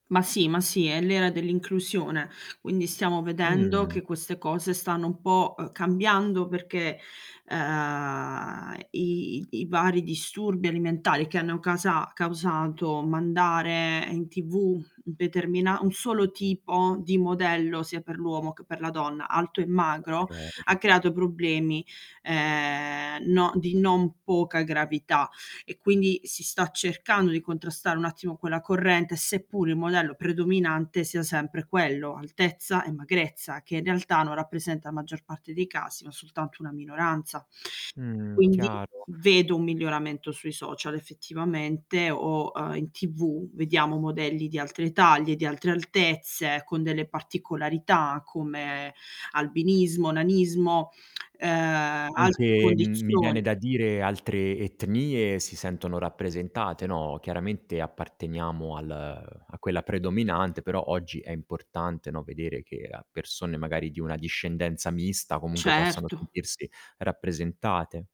Ma sì ma sì, è l'era dell'inclusione. Quindi stiamo vedendo che Mh. queste cose stanno un po', ehm, cambiando perché, ehm, i i vari disturbi alimentari che hanno casa causato mandare in TV, un determina un solo tipo di modello, sia per l'uomo che per la donna, alto e magro, Okay. ha creato problemi, ehm, no di non poca gravità. E quindi si sta cercando di contrastare un attimo quella corrente, seppur il modello predominante sia sempre quello, altezza e magrezza, che, in realtà, non rappresenta la maggior parte dei casi ma soltanto una minoranza. Mh, Quindi chiaro. vedo un miglioramento sui social, effettivamente o, ehm, in TV, vediamo modelli di altre taglie, di altre altezze, con delle particolarità come, albinismo, nanismo, ehm, altre Anche, mi viene condizioni. da dire, altre etnie si sentono rappresentate, no. Chiaramente apparteniamo al a quella predominante, però oggi è importante, no, vedere che a persone magari di una discendenza mista comunque possano Certo. sentirsi rappresentate.